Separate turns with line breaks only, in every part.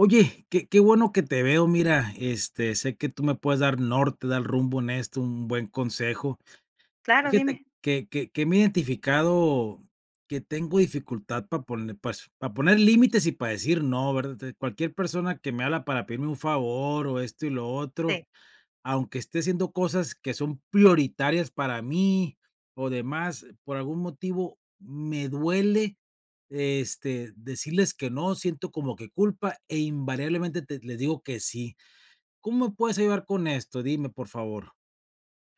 Oye, que que bueno que te veo. Mira, este, sé que tú me puedes dar norte, dar rumbo en esto, un buen consejo.
Claro,
Fíjate
dime.
que que que me he identificado que tengo dificultad para pone pues, para poner límites y para decir no, ¿verdad? De cualquier persona que me habla para pedirme un favor, o esto y lo otro,
Sí.
aunque esté haciendo cosas que son prioritarias para mí o demás, por algún motivo me duele, este, decirles que no. Siento como que culpa e, invariablemente, te les digo que sí. ¿Cómo me puedes ayudar con esto? Dime, por favor.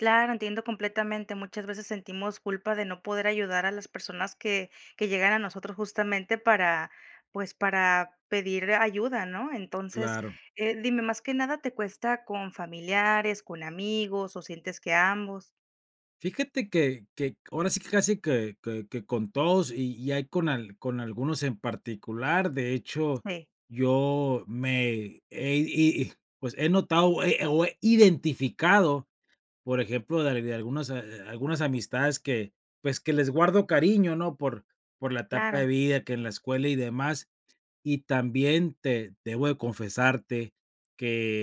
Claro, entiendo completamente. Muchas veces sentimos culpa de no poder ayudar a las personas que que llegan a nosotros justamente para, pues, para pedir ayuda, ¿no? Entonces,
Claro.
eh, dime, más que nada, ¿te cuesta con familiares, con amigos, o sientes que ambos?
Fíjate que que, ahora sí que casi que que que con todos y y ahí con al con algunos en particular. De hecho,
Sí.
yo me he y y pues he notado, o he o he identificado, por ejemplo, de de algunas a algunas amistades que, pues, que les guardo cariño, ¿no? Por por la etapa
Claro.
de vida, que en la escuela y demás, y también te debo de confesarte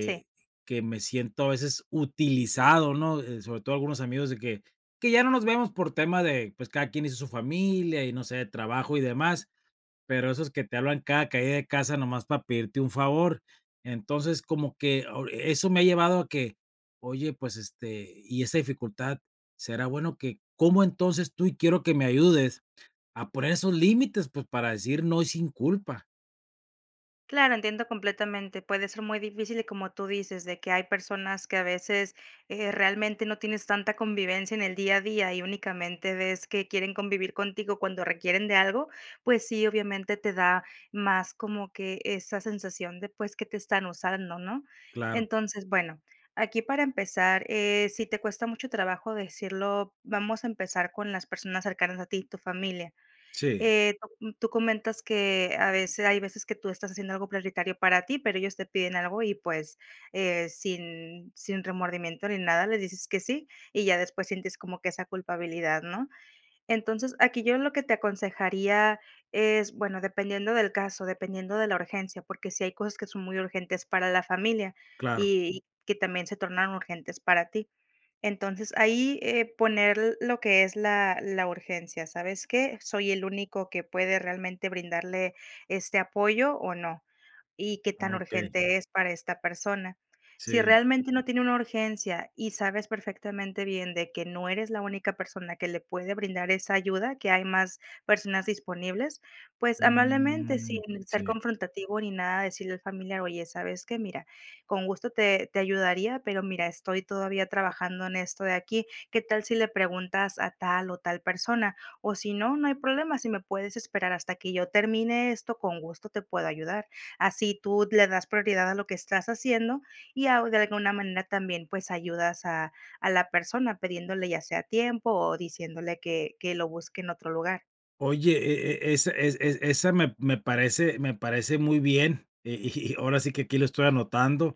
Sí.
que me siento, a veces, utilizado, ¿no? Eh, sobre todo, algunos amigos de que que ya no nos vemos por tema de, pues, cada quien hizo su familia y no sé, de trabajo y demás, pero esos que te hablan cada caída de casa nomás para pedirte un favor. Entonces, como que o e eso me ha llevado a que, oye, pues, este y esa dificultad, ¿será bueno que cómo entonces tú? Y quiero que me ayudes a poner esos límites, pues, para decir no, y sin culpa.
Claro, entiendo completamente. Puede ser muy difícil, y como tú dices, de que hay personas que, a veces, eh, realmente no tienes tanta convivencia en el día a día y únicamente ves que quieren convivir contigo cuando requieren de algo, pues sí, obviamente, te da más como que, esa sensación de, pues, que te están usando, ¿no?
Claro.
Entonces, bueno. Aquí, para empezar, eh, si te cuesta mucho trabajo decirlo, vamos a empezar con las personas cercanas a ti, tu familia.
Sí.
Eh, no, tú comentas que, a veces hay veces que tú estás haciendo algo prioritario para ti, pero ellos te piden algo y, pues, eh, sin sin remordimiento ni nada, les dices que sí, y ya después sientes como que esa culpabilidad, ¿no? Entonces, aquí yo en lo que te aconsejaría, es, bueno, dependiendo del caso, dependiendo de la urgencia, porque sí hay cosas que son muy urgentes para la familia
Claro.
y y que también se tornaron urgentes para ti. Entonces, ahí, eh, poner lo que es la la urgencia. ¿Sabes qué? ¿Soy el único que puede realmente brindarle este apoyo, o no? Y, ¿qué tan
Okey.
urgente es para esta persona? Si
Sí.
realmente no tiene una urgencia, y sabes perfectamente bien de que no eres la única persona que le puede brindar esa ayuda, que hay más personas disponibles, pues, amablemente, sin
Mm.
ser
Sí.
confrontativo ni nada, decirle al familiar: "Oye, ¿sabes qué? Mira, con gusto te te ayudaría, pero mira, estoy todavía trabajando en esto de aquí. ¿Qué tal si le preguntas a tal o tal persona? O, si no, no hay problema. Si me puedes esperar hasta que yo termine esto, con gusto te puedo ayudar". Así tú le das prioridad a lo que estás haciendo y au de alguna manera, también, pues, ayudas a a la persona pidiéndole ya sea tiempo, o diciéndole que que lo busque en otro lugar.
Oye, e e es es es esa me me parece me parece muy bien. Eh, y y ahora sí que aquí lo estoy anotando,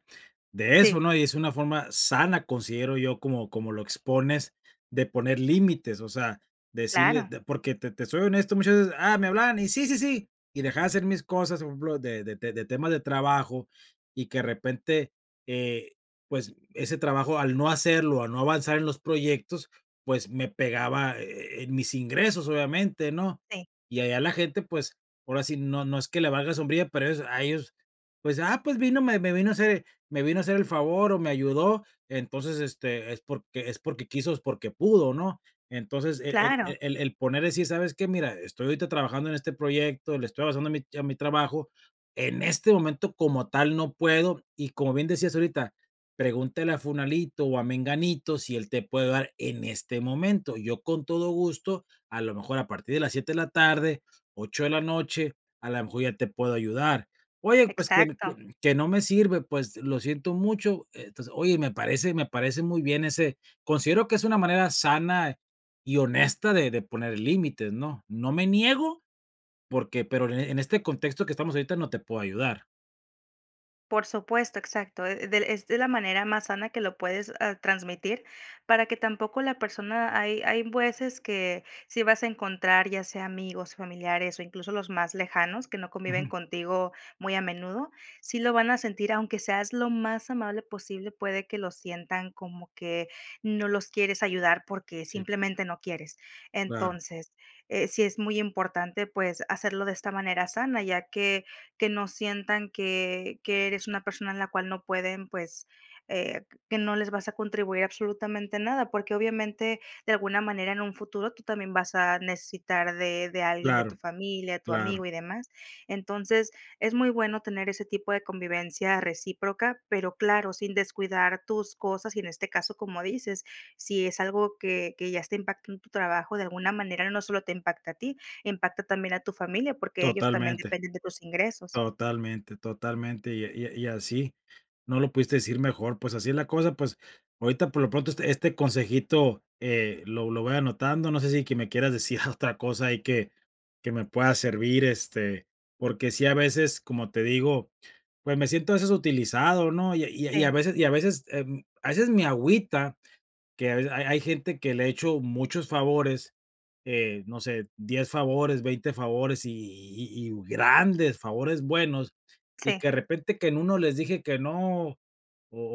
de eso,
Sí.
¿no? Y es una forma sana, considero yo, como como lo expones, de poner límites, o sea, decirle
Claro.
de porque te te te soy honesto, muchas veces, ah, me hablaban y sí, sí, sí. Y dejaba hacer mis cosas, por ejemplo, de de de temas de trabajo, y que, de repente, eh, pues, ese trabajo, al no hacerlo, al no avanzar en los proyectos, pues, me pegaba e e en mis ingresos, obviamente, ¿no?
Sí.
Y allá la gente, pues, ahora sí, no no es que le valga sombrilla, pero es, a ellos, pues, ah, pues vino, me me vino a hacer me vino a hacer el favor o me ayudó, entonces, este, es porque es porque quiso, es porque pudo, ¿no? Entonces, e el
Claro.
e el el poner así, ¿sabes qué? Mira, estoy ahorita trabajando en este proyecto, le estoy avanzando a mi a mi trabajo, en este momento como tal no puedo y, como bien decías ahorita, pregúntale a Fulanito o a Menganito si él te puede dar en este momento. Yo con todo gusto, a lo mejor a partir de las 7 de la tarde, 8 de la noche, a lo mejor ya te puedo ayudar. "Oye, pues que
Exacto.
que que no me sirve", pues, lo siento mucho. Entonces, oye, me parece me parece muy bien ese considero que es una manera sana y honesta de de poner límites, ¿no? No me niego porque pero en e en este contexto que estamos ahorita, no te puedo ayudar.
Por supuesto, exacto. Eh, del es de la manera más sana que lo puedes, ah, transmitir para que tampoco la persona hay hay veces que sí vas a encontrar, ya sea amigos, familiares, o incluso los más lejanos, que no conviven
Ujú.
contigo muy a menudo, sí lo van a sentir, aunque seas lo más amable posible, puede que lo sientan como que no los quieres ayudar porque
Sí.
simplemente no quieres.
Claro.
Entonces, eh, sí es muy importante, pues, hacerlo de esta manera sana, ya que que no sientan que que eres una persona en la cual no pueden, pues, eh, que no les vas a contribuir absolutamente nada, porque, obviamente, de alguna manera, en un futuro tú también vas a necesitar de de alguien de
Claro.
tu familia, tu
Claro.
amigo y demás. Entonces, es muy bueno tener ese tipo de convivencia recíproca, pero claro, sin descuidar tus cosas y, en este caso, como dices, si es algo que que ya está impactando en tu trabajo de alguna manera, no solo te impacta a ti, impacta también a tu familia, porque ellos también
Totalmente.
dependen de tus ingresos.
Totalmente, totalmente y a y a y así no lo pudiste decir mejor, pues así es la cosa, pues, ahorita por lo pronto este este consejito, eh, lo lo voy anotando, no sé si que me quieras decir otra cosa ahí que que me pueda servir, este, porque sí, a veces, como te digo, pues me siento a veces utilizado, ¿no? Y a y a y a
Sí.
veces y a veces em, a veces me agüita, que a veces ha hay gente que le he hecho muchos favores, eh, no sé, 10 favores, 20 favores y y y y grandes, favores buenos, y
Sí.
que de repente que en 1 les dije que no, o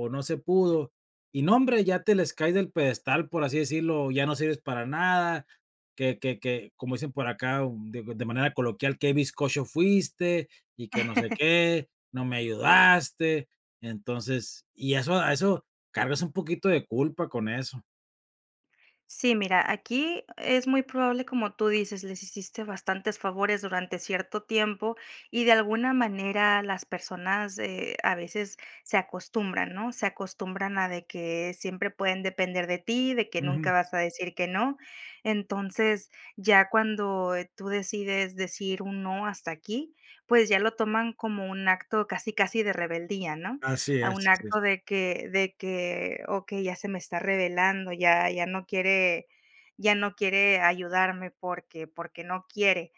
o no se pudo. Y no hombre, ya te les caes del pedestal, por así decirlo, ya no sirves para nada, que que que, como dicen por acá o de de manera coloquial, qué bizcocho fuiste y que no sé qué, no me ayudaste. Entonces, y eso a eso cargas un poquito de culpa con eso.
Sí, mira, aquí es muy probable, como tú dices. Les hiciste bastantes favores durante cierto tiempo, y de alguna manera, las personas, eh a veces se acostumbran, ¿no? Se acostumbran a de que siempre pueden depender de ti, de que nunca
Ujú.
vas a decir que no. Entonces, ya cuando, eh, tú decides decir un no, hasta aquí, pues ya lo toman como un acto casi casi de rebeldía, ¿no?
Así
A un
es, así es.
acto de que de que, okey, ya se me está revelando, ya ya no quiere ya no quiere ayudarme porque porque no quiere.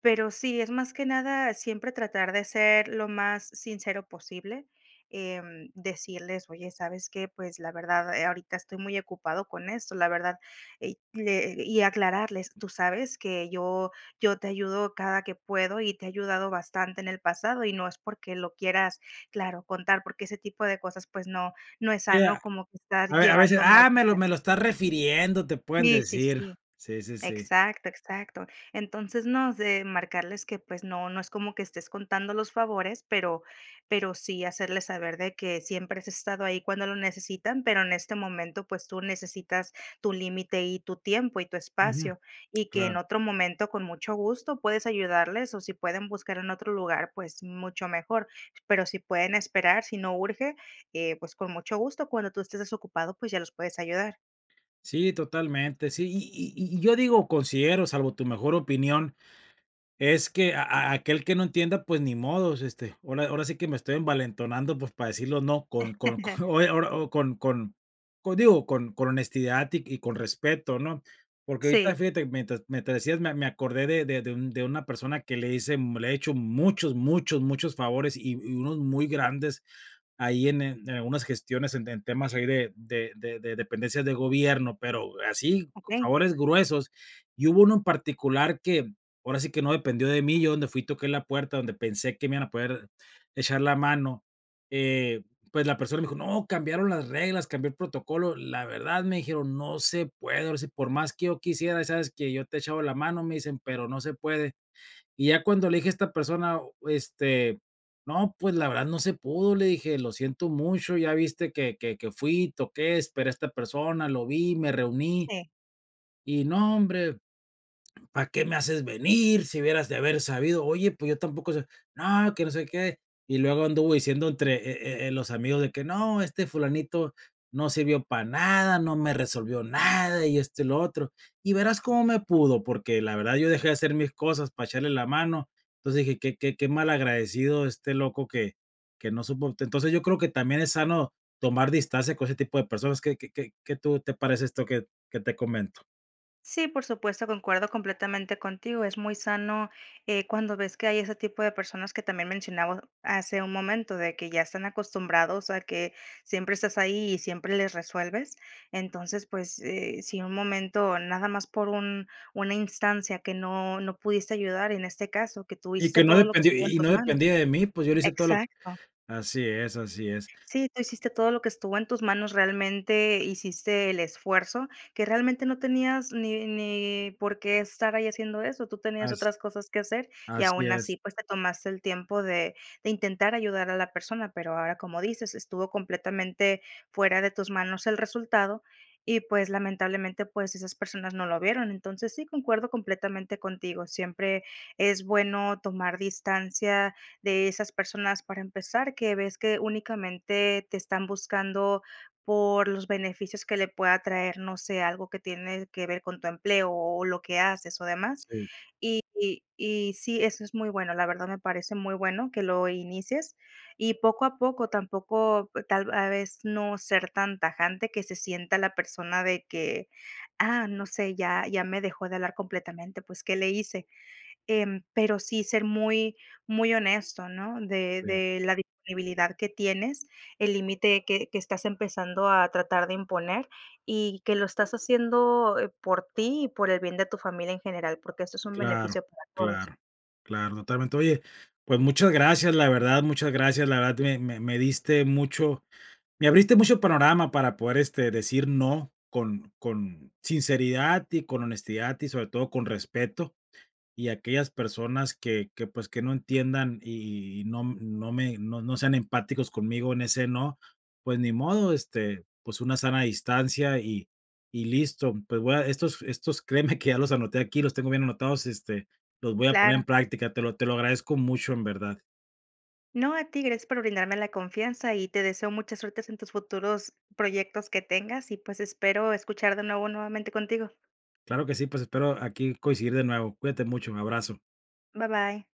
Pero sí, es más que nada, siempre tratar de ser lo más sincero posible. Em, decirles: "Oye, ¿sabes que? Pues la verdad, eh, ahorita estoy muy ocupado con esto, la verdad", y que y aclararles, tú sabes que yo yo te ayudo cada que puedo y te he ayudado bastante en el pasado y no es porque lo quieras claro, contar, porque ese tipo de cosas, pues, no, no es
E
sano,
a
como que estás
A ve a veces,
llevando mal.
"Ah, me lo
[unintelligible]
me lo estás refiriendo", te pueden
Sí, sí,
decir.
sí.
Sí, sí, sí.
Exacto, exacto. Entonces no, es de marcarles que, pues no no es como que estés contando los favores, pero pero sí hacerles saber de que siempre has estado ahí cuando lo necesitan, pero en este momento, pues tú necesitas tu límite, y tu tiempo, y tu
Ujú.
espacio, y que en
Claro.
otro momento con mucho gusto puedes ayudarles, o si pueden buscar en otro lugar, pues mucho mejor. Pero si pueden esperar, si no urge, eh, pues con mucho gusto, cuando tú estés desocupado, pues ya los puedes ayudar.
Sí, totalmente. Sí, y y y y yo digo considero, salvo tu mejor opinión, es que a a aquel que no entienda, pues ni modos. Este, ahora ahora sí que me estoy envalentonando, pues, para decirlo no con con con eh ahora o con con con con digo, con con honestidad y y con respeto, ¿no? Porque ahorita,
Sí.
fíjate, mientras mientras me decías me me acordé de de de de un de una persona que le hice le he hecho muchos, muchos, muchos favores, y y unos muy grandes ahí en en algunas gestiones, en en temas ahí de de de de dependencias de gobierno, pero así,
Okey.
favores gruesos. Y hubo uno en particular que, ahora sí que no dependió de mí, yo, donde fui, toqué la puerta, donde pensé que me iban a poder echar la mano. Eh, pues la persona me dijo: "No, cambiaron las reglas, cambió el protocolo, la verdad", me dijeron: "No se puede, ahora sí, por más que yo quisiera, ¿sabes qué? Yo te he echaba la mano", me dicen "pero no se puede". Y ya cuando le dije a esta persona, este, "No, pues, la verdad no se pudo", le dije. "Lo siento mucho, ya viste que que que fui, toqué, esperé a esta persona, lo vi, me reuní",
Sí.
y: "No, hombre ¿para qué me haces venir, si hubieras de haber sabido?". "Oye, pues yo tampoco sé". "No, que no sé qué" y luego anduvo diciendo entre, eh eh eh los amigos de que no, este Fulanito no sirvió para nada, no me resolvió nada, y esto y lo otro. Y verás cómo me pudo, porque la verdad yo dejé de hacer mis cosas para echarle la mano. Entonces dije: "Que que que malagradecido este loco que que no supo". Entonces, yo creo que también es sano tomar distancia con ese tipo de personas. ¿Que que que que tú te parece esto que que te comento?
Sí, por supuesto, concuerdo completamente contigo. Es muy sano, eh, cuando ves que hay ese tipo de personas que también mencionamos hace un momento, de que ya están acostumbrados a que siempre estás ahí, y siempre les resuelves. Entonces, pues, eh, si un momento nada más, por un una instancia que no no pudiste ayudar en este caso, que tú
Y
hiciste
que no
todo lo que
dependí
estuvo en
y
tus
no
manos
dependía de mí, pues, yo le hice todo lo
Exacto.
así es, así es.
Sí, tú hiciste todo lo que estuvo en tus manos. Realmente, hiciste el esfuerzo, que realmente no tenías ni ni por qué estar ahí haciendo eso. Tú tenías
As
otras cosas que hacer y,
Así
aun
es.
así, pues, te tomaste el tiempo de de intentar ayudar a la persona. Pero ahora, como dices, estuvo completamente fuera de tus manos el resultado y, pues, lamentablemente, pues, esas personas no lo vieron. Entonces, sí, concuerdo completamente contigo. Siempre es bueno tomar distancia de esas personas para empezar, que ves que únicamente te están buscando por los beneficios que le pueda traer, no sé, algo que tiene que ver con tu empleo o lo que haces o demás.
Sí.
Y y y sí, eso es muy bueno, la verdad me parece muy bueno que lo inicies y, poco a poco, tampoco e tal a vez no ser tan tajante, que se sienta la persona de que, ah, no sé, ya ya me dejó de hablar completamente, pues, ¿qué le hice? Em, pero sí ser muy muy honesto, ¿no? De
[unintelligible]
de la disponibilidad que tienes, el límite que que estás empezando a tratar de imponer, y que lo estás haciendo, eh, por ti, y por el bien de tu familia en general, porque esto es un
Claro,
beneficio para todos.
claro, claro, totalmente. Oye, pues muchas gracias, la verdad, muchas gracias, la verdad me me me diste mucho me abriste mucho panorama para poder, este, decir no con con sinceridad y con honestidad y, sobre todo, con respeto. Y aquellas personas que que, pues, que no entiendan y y y no no me no no sean empáticos conmigo en ese no, pues ni modo, este, pues una sana distancia y y listo. Pues, voy a estos estos, créeme que ya los anoté aquí, los tengo bien anotados, este, los voy a poner en
Claro.
práctica. Te lo te lo agradezco mucho, en verdad.
No, a ti. Gracias por brindarme la confianza y te deseo mucha suertes en tus futuros proyectos que tengas, y pues, espero escuchar de nuevo nuevamente contigo.
Claro que sí, pues, espero aquí coincidir de nuevo. Cuídate mucho, un abrazo.
Bye, bye.